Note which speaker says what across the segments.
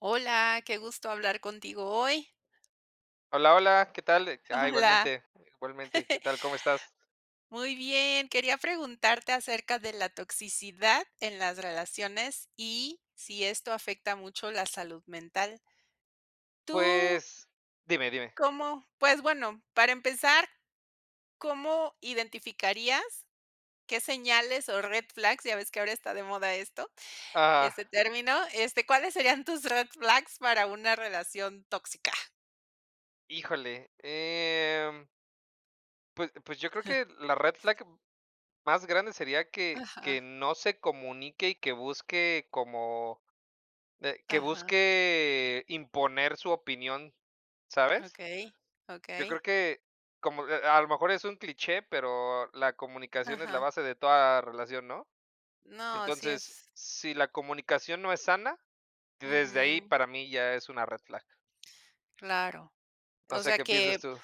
Speaker 1: Hola, que gusto hablar contigo hoy.
Speaker 2: Hola, hola, ¿qué tal? Eh, ca
Speaker 1: Hola.
Speaker 2: igualmente, igualmente. ¿Qué tal? ¿Cómo estás?
Speaker 1: Muy bien, quería preguntarte acerca de la toxicidad en las relaciones, y si esto afecta mucho la salud mental. Tú
Speaker 2: Pues dime, dime.
Speaker 1: cómo pues bueno, para empezar, ¿cómo identificarías, qué señales o red flags, ya ves que ahora está de moda esto, ese
Speaker 2: Ajá.
Speaker 1: término, este, cuáles serían tus red flags para una relación tóxica?
Speaker 2: Híjole, em pues pues, yo creo
Speaker 1: Ja.
Speaker 2: que la red flag más grande sería que que
Speaker 1: Ajá.
Speaker 2: no se comunique y que busque como, eh, que
Speaker 1: Ajá.
Speaker 2: busque imponer su opinión, ¿sabes?
Speaker 1: Okey,
Speaker 2: Yo creo
Speaker 1: okey.
Speaker 2: que como, eh, a a lo mejor es un cliché, pero la comunicación es la
Speaker 1: Ajá.
Speaker 2: base de toda relación, ¿no?
Speaker 1: No, sí
Speaker 2: Entonces,
Speaker 1: es.
Speaker 2: si la comunicación no es sana, desde ahí
Speaker 1: Ujú.
Speaker 2: para mí ya es una red flag.
Speaker 1: Claro.
Speaker 2: No
Speaker 1: O
Speaker 2: sé
Speaker 1: sea,
Speaker 2: qué pienses
Speaker 1: ¿que
Speaker 2: tú.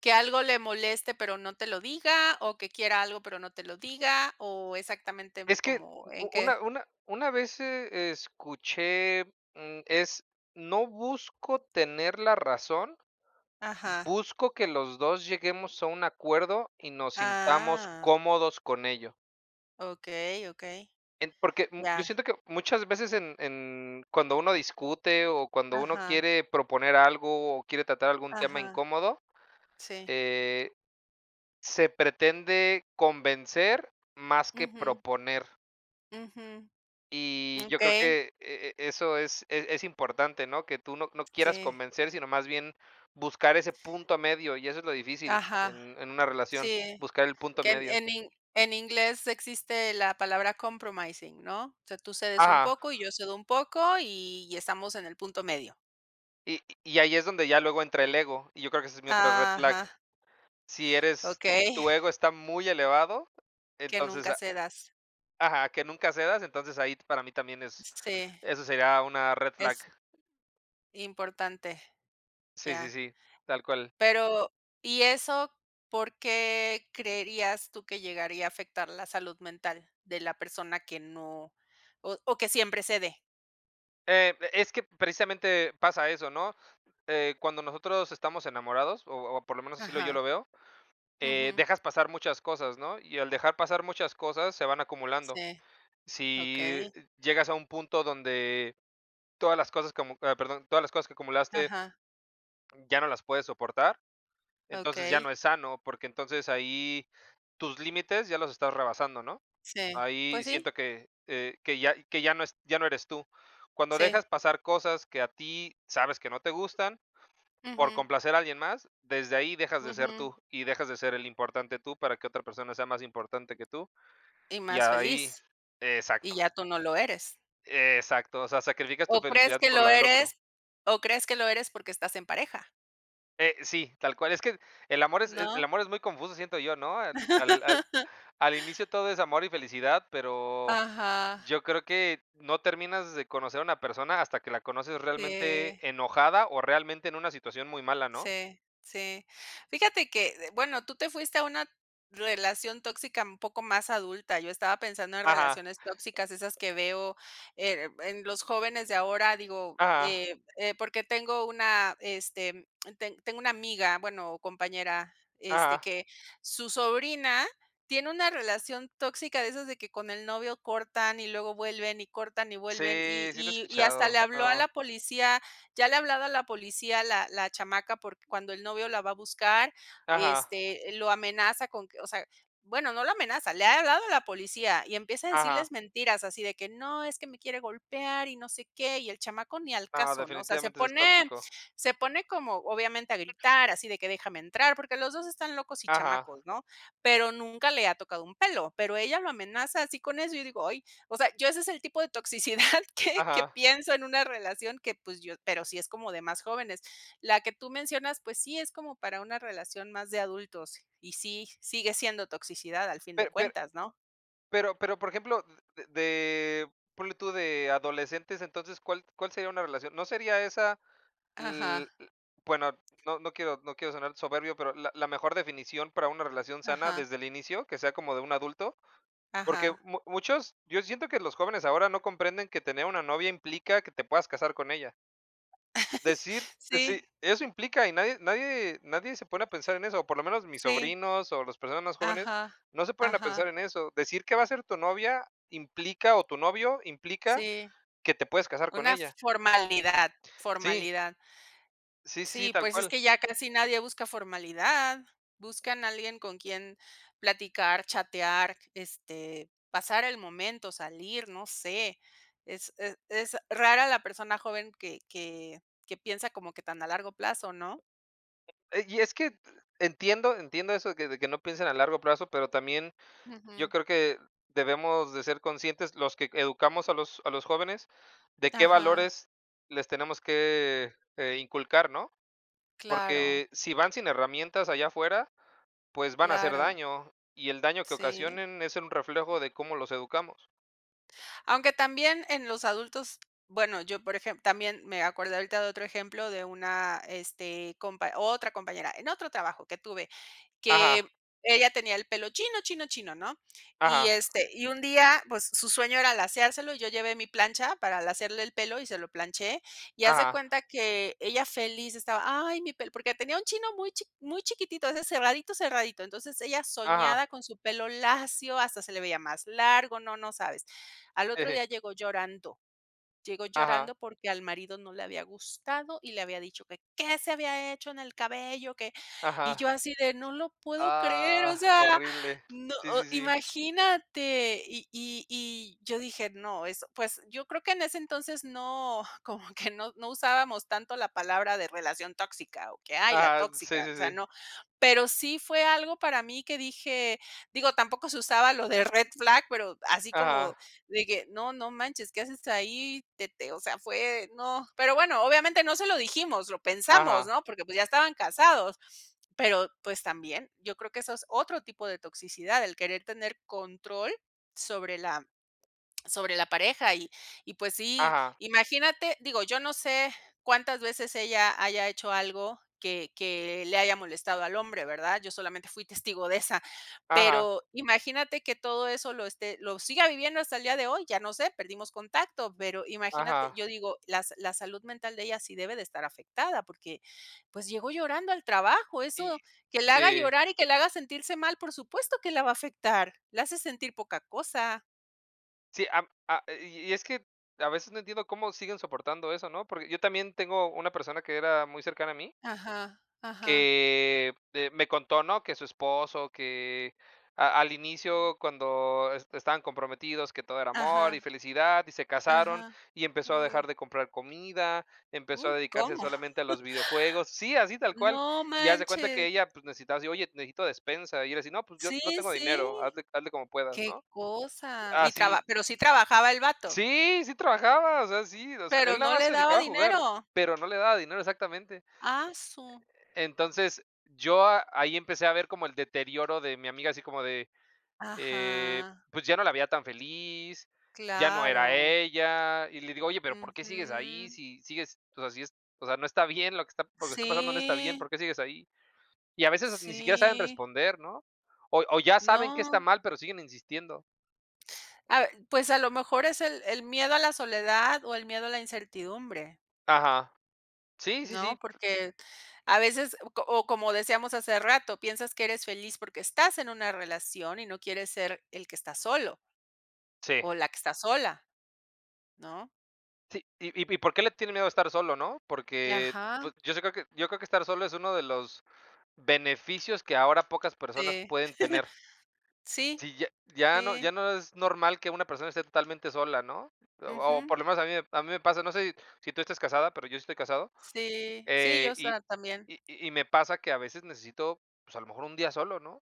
Speaker 1: que algo le moleste pero no te lo diga, o que quiera algo pero no te lo diga, o exactamente
Speaker 2: Es que
Speaker 1: como
Speaker 2: u
Speaker 1: en
Speaker 2: u
Speaker 1: qué?
Speaker 2: una una una vez, eh, escuché, mm, es: "No busco tener la razón"
Speaker 1: Ajá.
Speaker 2: "busco que los 2 lleguemos a un acuerdo y nos sintamos
Speaker 1: Ah.
Speaker 2: cómodos con ello".
Speaker 1: Okey, okey,
Speaker 2: Em, porque, mm,
Speaker 1: ya.
Speaker 2: yo siento que muchas veces en en cuando uno discute, o cuando uno
Speaker 1: Ajá.
Speaker 2: quiere proponer algo, o quiere tratar algún tema
Speaker 1: Ajá.
Speaker 2: incómodo,
Speaker 1: Sí.
Speaker 2: eh, se pretende convencer más que
Speaker 1: Ujú.
Speaker 2: proponer.
Speaker 1: Ujú.
Speaker 2: Y yo creo
Speaker 1: Okey.
Speaker 2: que e e eso es es es importante, ¿no? Que tú no no quieras
Speaker 1: Sí.
Speaker 2: convencer, sino más bien buscar ese punto medio, y eso es lo difícil
Speaker 1: Ajá.
Speaker 2: en en una relación,
Speaker 1: Sí.
Speaker 2: buscar el punto
Speaker 1: Que
Speaker 2: medio.
Speaker 1: en in en inglés existe la palabra compromising, ¿no? O sea, tú cedes un
Speaker 2: Ajá.
Speaker 1: poco, y yo cedo un poco, y estamos en el punto medio.
Speaker 2: Y y ahí es donde ya luego entra el ego, y yo creo que esa es mi otra red flag.
Speaker 1: Ajá.
Speaker 2: Si eres si
Speaker 1: Okey.
Speaker 2: tu ego está muy elevado,
Speaker 1: Que
Speaker 2: entonces
Speaker 1: nunca
Speaker 2: a
Speaker 1: cedas.
Speaker 2: Ajá, que nunca cedas, entonces, ahí t para mí también es
Speaker 1: Sí.
Speaker 2: eso sería una red flag.
Speaker 1: Es importante.
Speaker 2: Sí, sí,
Speaker 1: Ya.
Speaker 2: sí, tal cual.
Speaker 1: Pero, ¿y eso? ¿Por qué creerías tú que llegaría a afectar la salud mental de la persona que no o o que siempre cede?
Speaker 2: Eh, es que precisamente pasa eso, ¿no?, eh, cuando nosotros estamos enamorados, o o por lo menos así lo yo
Speaker 1: Ajá.
Speaker 2: lo veo, eh,
Speaker 1: Ujú.
Speaker 2: dejas pasar muchas cosas, ¿no?, y al dejar pasar muchas cosas, se van acumulando.
Speaker 1: Sí.
Speaker 2: Sí,
Speaker 1: Okey.
Speaker 2: eh, llegas a un punto donde todas las cosas como ah, perdón, todas las cosas que acumulaste,
Speaker 1: Ajá.
Speaker 2: mm, ya no las puedes soportar, entonces ya no
Speaker 1: Okey.
Speaker 2: es sano, porque entonces, ahí tus límites ya los estás rebasando, ¿no?,
Speaker 1: Sí,
Speaker 2: ahí
Speaker 1: pues sí.
Speaker 2: siento que, eh, que ya que ya no es ya no eres tú. Cuando
Speaker 1: Sí.
Speaker 2: dejas pasar cosas que a ti sabes que no te gustan, por
Speaker 1: Ujú.
Speaker 2: complacer a alguien más, desde ahí dejas de ser
Speaker 1: Ujú.
Speaker 2: tú, y dejas de ser el importante tú para que otra persona sea más importante que tú,
Speaker 1: Y
Speaker 2: y
Speaker 1: más
Speaker 2: ahí
Speaker 1: feliz, y
Speaker 2: exacto.
Speaker 1: ya tú no lo eres.
Speaker 2: Exacto, o sea, sacrificas tu
Speaker 1: O crees
Speaker 2: felicidad
Speaker 1: que
Speaker 2: por
Speaker 1: lo
Speaker 2: la del otro.
Speaker 1: eres o crees que lo eres porque estás en pareja
Speaker 2: Eh, sí, tal cual, es que el amor es el
Speaker 1: ¿no?
Speaker 2: amor es muy confuso, siento yo, ¿no? Al al al al inicio todo es amor y felicidad, pero
Speaker 1: Ajá.
Speaker 2: yo creo que no terminas de conocer una persona hasta que la conoces realmente
Speaker 1: Eh.
Speaker 2: enojada, o realmente en una situación muy mala, ¿no?
Speaker 1: Sí, sí. Fíjate que, de bueno, tú te fuiste a una relación tóxica un poco más adulta, yo estaba pensando en
Speaker 2: Ajá.
Speaker 1: relaciones tóxicas esas que veo, eh, en los jóvenes de ahora, digo,
Speaker 2: Ajá.
Speaker 1: eh eh, porque tengo una este, mm, ten tengo una amiga, bueno, o compañera, este,
Speaker 2: Ajá.
Speaker 1: que su sobrina tiene una relación tóxica de esas de que con el novio cortan y luego vuelven, y cortan y vuelven, y
Speaker 2: Sí, sí lo he
Speaker 1: y y hasta le
Speaker 2: escuchado.
Speaker 1: habló a
Speaker 2: No.
Speaker 1: la policía, ya le ha hablado a la policía la la chamaca porque cuando el novio la va a buscar,
Speaker 2: Ajá.
Speaker 1: este, lo amenaza con que o sea, bueno, no lo amenaza, le ha hablado a la policía y empieza a
Speaker 2: Ajá.
Speaker 1: decirles mentiras, así de que: "No, es que me quiere golpear y no sé qué", y el chamaco ni al
Speaker 2: No,
Speaker 1: caso, ¿no? O sea, se
Speaker 2: definitivamente eso es
Speaker 1: pone
Speaker 2: tóxico.
Speaker 1: se pone como, obviamente, a gritar, así de que: "Déjame entrar", porque los 2 están locos y
Speaker 2: Ajá.
Speaker 1: chamacos,
Speaker 2: e
Speaker 1: ¿no?, pero nunca le ha tocado un pelo, pero ella lo amenaza así con eso, y yo digo: "Ay". O sea, yo ese es el tipo de toxicidad que que
Speaker 2: Ajá.
Speaker 1: pienso en una relación que, pues, yo pero sí es como de más jóvenes. La que tú mencionas, pues, sí es como para una relación más de adultos, y sí, sigue siendo toxicidad al fin de
Speaker 2: Per per
Speaker 1: cuentas, ¿no?
Speaker 2: pero pero, por ejemplo, d de ponle tú, de adolescentes, entonces, ¿cuál cuál sería una relación? No sería esa, l
Speaker 1: Ajá.
Speaker 2: l bueno, no no quiero no quiero sonar soberbio, pero la la mejor definición para una relación sana
Speaker 1: Ajá.
Speaker 2: desde el inicio, que sea como de un adulto, porque
Speaker 1: Ajá.
Speaker 2: mu muchos, yo siento que los jóvenes ahora no comprenden que tener una novia implica que te puedas casar con ella. Decir decir
Speaker 1: Sí.
Speaker 2: eso implica, y nadie nadie nadie se pone a pensar en eso, o por lo menos mis
Speaker 1: Sí.
Speaker 2: sobrinos, o las personas más jóvenes,
Speaker 1: Ajá.
Speaker 2: no se ponen a pensar
Speaker 1: Ajá.
Speaker 2: en eso. Decir qué va a ser tu novia implica, o tu novio implica,
Speaker 1: Sí.
Speaker 2: que te puedas casar con
Speaker 1: Una
Speaker 2: ella.
Speaker 1: formalidad,
Speaker 2: Sí.
Speaker 1: formalidad.
Speaker 2: Sí, sí, sí,
Speaker 1: Sí,
Speaker 2: tal
Speaker 1: pues es
Speaker 2: cual.
Speaker 1: que ya casi nadie busca formalidad. Buscan a alguien con quien platicar, chatear, este, pasar el momento, salir, no sé. Es es es rara la persona joven que que que piensa como que tan a largo plazo, ¿no?
Speaker 2: Eh, y es que e entiendo entiendo eso, que de que no piensen a largo plazo, pero también yo
Speaker 1: Ujú.
Speaker 2: creo que debemos de ser conscientes, los que educamos a los a los jóvenes, de qué
Speaker 1: Ajá.
Speaker 2: valores les tenemos que, eh, inculcar, ¿no?
Speaker 1: Claro.
Speaker 2: Porque si van sin herramientas allá afuera, pues van a hacer
Speaker 1: Claro.
Speaker 2: daño, y el daño que
Speaker 1: Sí.
Speaker 2: ocasionen es un reflejo de cómo los educamos.
Speaker 1: Aunque también en los adultos bueno, yo por ejem también me acordé ahorita de otro ejemplo de una, este, compa otra compañera en otro trabajo que tuve, que
Speaker 2: Ajá.
Speaker 1: ella tenía el pelo chino chino chino, ¿no? Y
Speaker 2: Ajá.
Speaker 1: este y un día pues su sueño era laceárselo, y yo llevé mi plancha para lacearle el pelo y se lo planché, y haz de
Speaker 2: Ajá.
Speaker 1: cuenta que ella feliz estaba: "Ay mi pelo", porque tenía un chino muy chi muy chiquitito, de ese cerradito, cerradito, entonces ella
Speaker 2: Ajá.
Speaker 1: soñaba con su pelo lacio, hasta se le veía más largo, no, no sabes. Al otro día llegó llorando, llegó
Speaker 2: Ajá.
Speaker 1: llorando porque al marido no le había gustado y le había dicho que: "¿Qué se había hecho en el cabello?, que" y yo
Speaker 2: Ajá.
Speaker 1: así de: "No lo puedo creer", o
Speaker 2: Ah,
Speaker 1: sea,
Speaker 2: horrible.
Speaker 1: no,
Speaker 2: Sí,
Speaker 1: o
Speaker 2: sí, sí.
Speaker 1: imagínate, y y y yo dije: "No", eso, pues, yo creo que en ese entonces no, como que no no usábamos tanto la palabra de relación tóxica, o que: "Ay, la
Speaker 2: Ajá. Sí,
Speaker 1: tóxica",
Speaker 2: sí,
Speaker 1: o sea,
Speaker 2: sí.
Speaker 1: no. Pero sí fue algo para mí que dije, digo, tampoco se usaba lo de Red Flag, pero así como
Speaker 2: Ajá.
Speaker 1: de que no, no manches. ¿Qué haces ahí?, te te o sea, fue no. Pero bueno obviamente no se lo dijimos, lo pensamos, ¿no?
Speaker 2: Ajá.
Speaker 1: Porque pues ya estaban casados, pero pues también yo creo que eso es otro tipo de toxicidad, el querer tener control sobre la sobre la pareja, y y pues sí
Speaker 2: Ajá.
Speaker 1: imagínate digo yo no sé cuántas veces ella haya hecho algo que que le haya molestado al hombre, ¿verdad? Yo solamente fui testigo de esa,
Speaker 2: Ajá.
Speaker 1: pero imagínate que todo eso lo esté lo siga viviendo hasta el día de hoy, ya no sé, perdimos contacto, pero imagínate,
Speaker 2: Ajá.
Speaker 1: yo digo las la salud mental de ella sí debe de estar afectada, porque pues llegó llorando al trabajo,
Speaker 2: Y.
Speaker 1: eso que la haga
Speaker 2: Sí.
Speaker 1: llorar y que la haga sentirse mal por supuesto que la va a afectar. La hace sentir poca cosa.
Speaker 2: Sí. Am a y y es que a veces no entiendo cómo siguen soportando eso, ¿no? Por yo también tengo una persona que era muy cercana a mí
Speaker 1: Ajá, ajá.
Speaker 2: que de me contó, ¿no? Que su esposo, que a al inicio cuando es estaban comprometidos, que todo era amor
Speaker 1: Ajá.
Speaker 2: y felicidad, y se casaron,
Speaker 1: Ajá,
Speaker 2: y empezó a dejar
Speaker 1: uy.
Speaker 2: de comprar comida, empezó a
Speaker 1: Uf,
Speaker 2: dedicarse
Speaker 1: ¿cómo?
Speaker 2: solamente a los videojuegos. Sí, así tal cual,
Speaker 1: No
Speaker 2: y haz de cuenta que
Speaker 1: manches.
Speaker 2: ella, pues, necesitaba, así oye, necesito despensa, y era así, no, pues, yo
Speaker 1: Sí,
Speaker 2: no tengo dinero,
Speaker 1: sí,
Speaker 2: hazle hazle como puedas,
Speaker 1: qué
Speaker 2: ¿no?
Speaker 1: cosa. ¿Y
Speaker 2: Así.
Speaker 1: traba pero sí trabajaba el vato?
Speaker 2: Sí, sí trabajaba, o sea, sí, o sea, él
Speaker 1: ¿Pero
Speaker 2: nada
Speaker 1: no
Speaker 2: más
Speaker 1: le
Speaker 2: se
Speaker 1: daba
Speaker 2: dedicaba a jugar,
Speaker 1: dinero?
Speaker 2: pero no le daba dinero exactamente.
Speaker 1: Ah, su
Speaker 2: Entonces, yo a ahí empecé a ver como el deterioro de mi amiga así como de, eh,
Speaker 1: Ajá.
Speaker 2: pues, ya no la veía tan feliz, ya no era
Speaker 1: Claro.
Speaker 2: ella. Y le digo, oye, pero ¿por qué sigues ahí?
Speaker 1: Ujú.
Speaker 2: Si sigues, o sea, sí es o sea, no está bien lo que está p lo que está pasando no está bien, ¿por
Speaker 1: Sí.
Speaker 2: qué sigues ahí? Y a veces ni siquiera saben
Speaker 1: Sí.
Speaker 2: responder, ¿no? O o ya saben qué está
Speaker 1: No.
Speaker 2: mal, pero siguen insistiendo.
Speaker 1: A ver, pues, a lo mejor es el el miedo a la soledad, o el miedo a la incertidumbre
Speaker 2: Ajá. Sí, sí, sí.
Speaker 1: ¿no? Porque a veces, o o como decíamos hace rato, piensas que eres feliz porque estás en una relación, y no quieres ser el que está solo
Speaker 2: Sí.
Speaker 1: o la que está sola ¿no?
Speaker 2: Sí, y y y ¿por qué le tiene miedo a estar solo?, ¿no? Porque,
Speaker 1: Ajá.
Speaker 2: pues, yo si creo que yo creo que estar solo, es uno de los beneficios que ahora pocas personas
Speaker 1: Sí.
Speaker 2: pueden tener.
Speaker 1: Sí.
Speaker 2: Si ya ya no
Speaker 1: Sí.
Speaker 2: ya no es normal que una persona esté totalmente sola, ¿no? O o por
Speaker 1: Ujú.
Speaker 2: lo menos a mí a mí me pasa, no sé, si tú estás casada, pero yo sí estoy casado,
Speaker 1: Sí, sí,
Speaker 2: eh,
Speaker 1: yo
Speaker 2: y
Speaker 1: sola también.
Speaker 2: y y me pasa que a veces necesito, pues, a lo mejor 1 día solo, ¿no?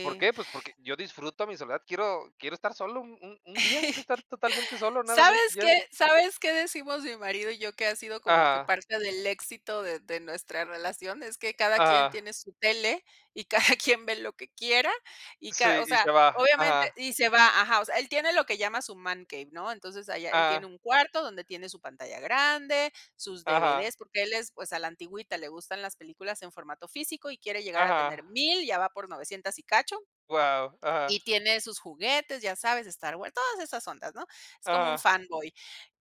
Speaker 2: ¿Por qué? Pues porque yo disfruto mi soledad, quiero quiero estar solo un un un día, quiero estar totalmente solo, nada más,
Speaker 1: ¿Sabes
Speaker 2: y
Speaker 1: qué?
Speaker 2: ya.
Speaker 1: ¿Sabes qué decimos mi marido y yo que ha sido como que
Speaker 2: Ajá.
Speaker 1: parte del éxito de de nuestra relación? Es que cada quien
Speaker 2: Ajá.
Speaker 1: tiene su tele, y cada quien ve lo que quiera, y ca
Speaker 2: Sí,
Speaker 1: o
Speaker 2: y se
Speaker 1: sea,
Speaker 2: va,
Speaker 1: obviamente,
Speaker 2: ajá.
Speaker 1: y se va ajá, o sea, él tiene lo que llama su man cave, ¿no? Entonces allá él tiene
Speaker 2: Ajá.
Speaker 1: un cuarto, donde tiene su pantalla grande, sus
Speaker 2: Ajá.
Speaker 1: DVD, porque él es, pues, a la antigüita le gustan las películas en formato físico, y quiere llegar a
Speaker 2: Ajá.
Speaker 1: tener 1000 ya va por 900 y cacho
Speaker 2: Wao, ajá.
Speaker 1: y tiene sus juguetes, ya sabes, Star Wars, todas esas ondas, ¿no? Es como un
Speaker 2: Ajá.
Speaker 1: fanboy.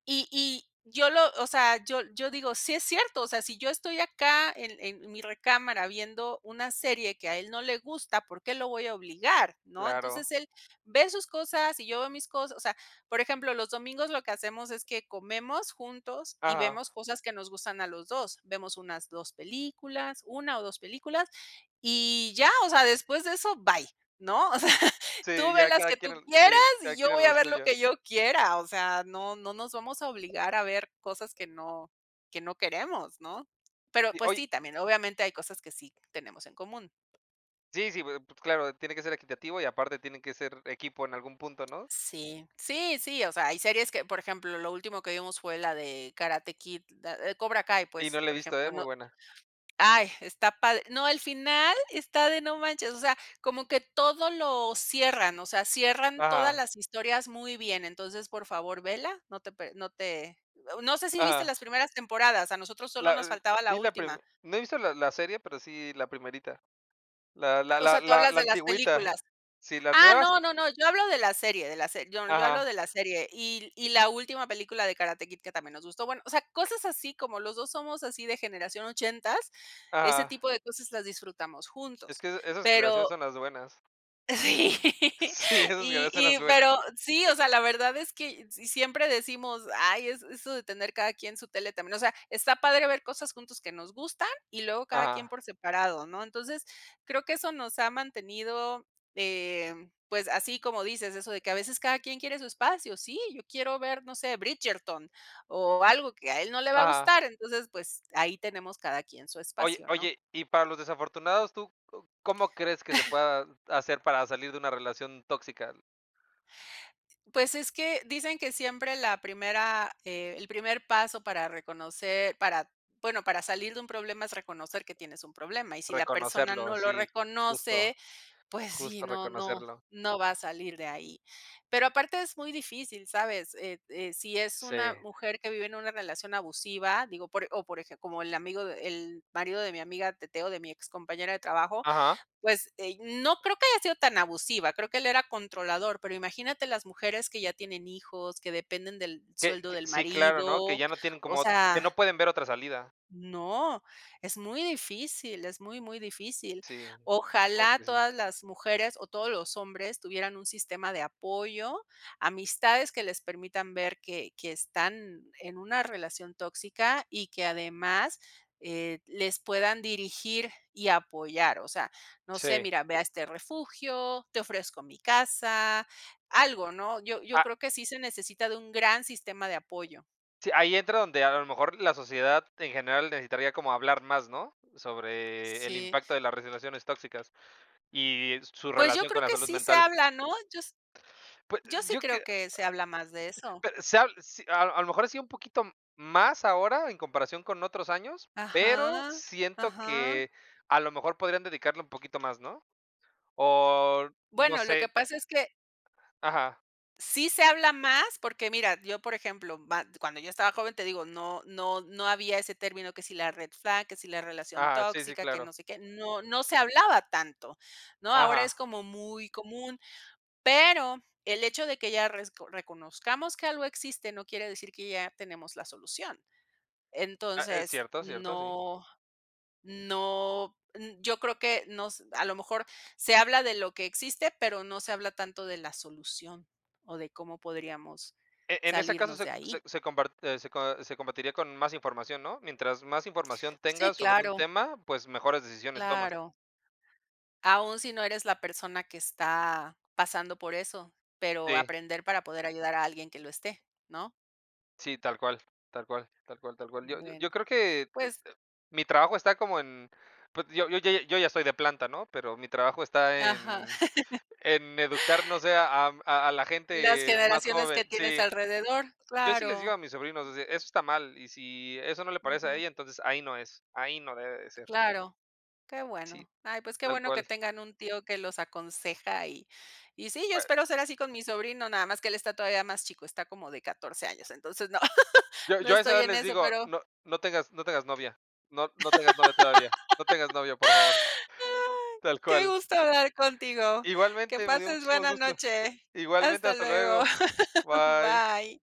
Speaker 1: Y y yo lo, o sea, yo yo digo: "Sí es cierto, o sea, si yo estoy acá en en mi recámara viendo una serie que a él no le gusta, ¿por qué lo voy a obligar?", ¿no?
Speaker 2: Claro.
Speaker 1: Entonces, él ve sus cosas y yo veo mis cosas, o sea, por ejemplo, los domingos lo que hacemos es que comemos juntos y
Speaker 2: Ajá.
Speaker 1: vemos cosas que nos gustan a los 2. Vemos unas 2 películas, 1 o 2 películas, y ya, o sea, después de eso, bye, ¿no? O sea, tú
Speaker 2: Sí,
Speaker 1: ve
Speaker 2: ya
Speaker 1: las
Speaker 2: cada
Speaker 1: que
Speaker 2: quien
Speaker 1: tú
Speaker 2: al
Speaker 1: quieras,
Speaker 2: sí, cada
Speaker 1: y yo
Speaker 2: quien a
Speaker 1: voy a
Speaker 2: lo
Speaker 1: ver lo
Speaker 2: suyo.
Speaker 1: que yo quiera. O sea, no no nos vamos a obligar a ver cosas que no que no queremos, ¿no? Pero,
Speaker 2: Sí,
Speaker 1: pues,
Speaker 2: oye
Speaker 1: sí, también, obviamente, hay cosas que sí tenemos en común.
Speaker 2: Sí, sí, pues, claro, tiene que ser equitativo y aparte tienen que ser equipo en algún punto, ¿no?
Speaker 1: Sí, sí, sí, o sea, hay series que por ejemplo, lo último que vimos fue la de Karate Kid, eh, Cobra Kai,
Speaker 2: Y
Speaker 1: pues,
Speaker 2: no la he
Speaker 1: por
Speaker 2: visto,
Speaker 1: ejemplo,
Speaker 2: eh,
Speaker 1: no
Speaker 2: muy buena.
Speaker 1: Ay, está padre, no, al final está de no manches. O sea, como que todo lo cierran, o sea, cierran todas
Speaker 2: Ajá.
Speaker 1: las historias muy bien, entonces, por favor vela, no te pe no te no sé, si viste
Speaker 2: Ajá.
Speaker 1: las primeras temporadas a nosotros solo nos
Speaker 2: La
Speaker 1: faltaba la
Speaker 2: vi la prime
Speaker 1: última.
Speaker 2: no he visto la la serie, pero sí la primerita. La
Speaker 1: Ah,
Speaker 2: la
Speaker 1: o
Speaker 2: la
Speaker 1: sea, tú
Speaker 2: la
Speaker 1: hablas
Speaker 2: la
Speaker 1: de las
Speaker 2: antigüita.
Speaker 1: películas.
Speaker 2: Sí, las
Speaker 1: Ah,
Speaker 2: nuevas
Speaker 1: no, no, no, yo hablo de la serie, de la se yo yo hablo
Speaker 2: Ajá.
Speaker 1: de la serie. Y y la última película de Karate Kid que también nos gustó. Bueno, o sea, cosas así como los 2 somos así de generación 80, ese
Speaker 2: Ajá.
Speaker 1: tipo de cosas las disfrutamos
Speaker 2: Es
Speaker 1: juntos.
Speaker 2: que, esas generaciones
Speaker 1: Pero
Speaker 2: son las buenas.
Speaker 1: Sí,
Speaker 2: Sí, esas que
Speaker 1: y
Speaker 2: no son las
Speaker 1: y
Speaker 2: buenas.
Speaker 1: pero sí, o sea, la verdad es que si siempre decimos: "Ay es eso de tener cada quien su tele", también, o sea, está padre ver cosas juntos que nos gustan, y luego cada quien
Speaker 2: Ajá.
Speaker 1: por separado, ¿no? Entonces, creo que eso nos ha mantenido, eh, pues, así como dices, eso de que a veces cada quien quiere su espacio. Sí, yo quiero ver, no sé, Bridgerton, o algo que a él no le va a
Speaker 2: Ajá.
Speaker 1: gustar. Entonces, pues, ahí tenemos cada quien su
Speaker 2: Oye
Speaker 1: espacio, ¿no?
Speaker 2: oye, y para los desafortunados, ¿tú co cómo crees que se pueda hacer para salir de una relación tóxica?
Speaker 1: Pues, es que dicen que siempre la primera eh, el primer paso para reconocer para bueno, para salir de un problema es reconocer que tienes un problema, y si la persona
Speaker 2: Reconocerlo,
Speaker 1: no lo
Speaker 2: sí,
Speaker 1: reconoce,
Speaker 2: justo,
Speaker 1: pues, sí,
Speaker 2: justo
Speaker 1: no, no,
Speaker 2: reconocerlo.
Speaker 1: no va a salir de ahí. Pero aparte es muy difícil, ¿sabes? Eh, de si es una
Speaker 2: Sí.
Speaker 1: mujer que vive en una relación abusiva, digo, por o por eje como el amigo el marido de mi amiga, Teteo, de mi excompañera de trabajo,
Speaker 2: Ajá.
Speaker 1: pues, eh, no creo que haya sido tan abusiva, creo que él era controlador, pero imagínate las mujeres que ya tienen hijos, que dependen del
Speaker 2: Que
Speaker 1: sueldo
Speaker 2: que,
Speaker 1: del
Speaker 2: sí, claro, ¿no? Que
Speaker 1: marido,
Speaker 2: ya no tienen
Speaker 1: o
Speaker 2: como que
Speaker 1: sea.
Speaker 2: no pueden ver otra salida.
Speaker 1: No, es muy difícil, es muy, muy difícil,
Speaker 2: Sí,
Speaker 1: ojalá
Speaker 2: okey, sí.
Speaker 1: todas las mujeres, o todos los hombres tuvieran un sistema de apoyo. Amistades que les permitan ver que que están en una relación tóxica, y que además, eh, les puedan dirigir y apoyar. O sea, no sé,
Speaker 2: Sí.
Speaker 1: mira, ve a este refugio, te ofrezco mi casa, algo, ¿no? Yo, yo
Speaker 2: Ah.
Speaker 1: creo que sí se necesita de un gran sistema de apoyo.
Speaker 2: Sí, ahí entra donde a lo mejor la sociedad en general necesitaría como hablar más, ¿no? Sobre el
Speaker 1: Sí.
Speaker 2: impacto de las relaciones tóxicas, y su
Speaker 1: Pues, yo
Speaker 2: relación con
Speaker 1: creo
Speaker 2: la
Speaker 1: que
Speaker 2: salud
Speaker 1: sí se
Speaker 2: mental.
Speaker 1: habla, ¿no? Yo s
Speaker 2: Pue
Speaker 1: yo sí
Speaker 2: yo
Speaker 1: creo
Speaker 2: que
Speaker 1: que se habla más de eso.
Speaker 2: pe se ha si a a lo mejor así un poquito m más ahora en comparación con otros años, pero
Speaker 1: Ajá,
Speaker 2: siento
Speaker 1: ajá.
Speaker 2: que a lo mejor podrían dedicarle un poquito más, ¿no? O no
Speaker 1: Bueno, lo que
Speaker 2: sé.
Speaker 1: pasa es que
Speaker 2: Ajá.
Speaker 1: Sí se habla más, porque mira, yo, por ejemplo, ma cuando yo estaba joven, te digo, no no no había ese término que si la red flag, que si la relación
Speaker 2: Ajá, sí, sí,
Speaker 1: tóxica, que
Speaker 2: claro.
Speaker 1: no sé qué. No no se hablaba tanto, ¿no? Ahora es
Speaker 2: Ajá.
Speaker 1: como muy común, pero el hecho de que ya resco reconozcamos que algo existe, no quiere decir que ya tenemos la solución.
Speaker 2: Ah, es
Speaker 1: Entonces,
Speaker 2: cierto, cierto, sí.
Speaker 1: no no n yo creo que nos a lo mejor, se habla de lo que existe, pero no se habla tanto de la solución, o de cómo podríamos
Speaker 2: E en ese caso,
Speaker 1: salirnos
Speaker 2: se
Speaker 1: de
Speaker 2: se
Speaker 1: ahí.
Speaker 2: se comparte se com se combatiría con más información, ¿no? Mientras más información
Speaker 1: Sí,
Speaker 2: tengas sobre un
Speaker 1: claro.
Speaker 2: tema, pues, mejores decisiones tomas.
Speaker 1: Claro. Aún si no eres la persona que está pasando por eso, pero
Speaker 2: Sí.
Speaker 1: aprender para poder ayudar a alguien que lo esté, ¿no?
Speaker 2: Sí, tal cual tal cual tal cual tal cual. Yo yo
Speaker 1: Bueno,
Speaker 2: yo creo que, eh, eh,
Speaker 1: pues
Speaker 2: mi trabajo está como en, pues, yo yo yo yo ya soy de planta, ¿no? Pero mi trabajo está
Speaker 1: Ajá.
Speaker 2: en en educar, no sé, a am, a a la
Speaker 1: Las
Speaker 2: gente más
Speaker 1: generaciones que
Speaker 2: joven
Speaker 1: tienes
Speaker 2: Sí.
Speaker 1: alrededor,
Speaker 2: Yo sí les digo
Speaker 1: claro.
Speaker 2: a mis sobrinos, ese eso está mal, y si eso no le parece a
Speaker 1: Ujú.
Speaker 2: ella, entonces, ahí no es, ahí no debe de ser.
Speaker 1: Claro. Qué
Speaker 2: Sí,
Speaker 1: bueno. Ay, pues, qué
Speaker 2: tal
Speaker 1: bueno que
Speaker 2: cual.
Speaker 1: tengan un tío que los aconseja, y y sí, yo espero ser así con mi
Speaker 2: [unintelligible]
Speaker 1: sobrino, nada más que él está todavía más chico, está como de 14 años, entonces, no,
Speaker 2: Yo
Speaker 1: no
Speaker 2: yo a esa
Speaker 1: estoy
Speaker 2: edad
Speaker 1: en
Speaker 2: les
Speaker 1: eso,
Speaker 2: digo,
Speaker 1: pero
Speaker 2: no no tengas no tengas novia. No no tengas novia todavía. No tengas novia, por favor. Tal
Speaker 1: Qué
Speaker 2: cual.
Speaker 1: gusto hablar contigo. Que
Speaker 2: Igualmente, me dio
Speaker 1: pases
Speaker 2: muchísimo
Speaker 1: buena
Speaker 2: gusto.
Speaker 1: noche.
Speaker 2: Igualmente,
Speaker 1: Hasta
Speaker 2: hasta
Speaker 1: luego.
Speaker 2: luego. Bye.
Speaker 1: Bye.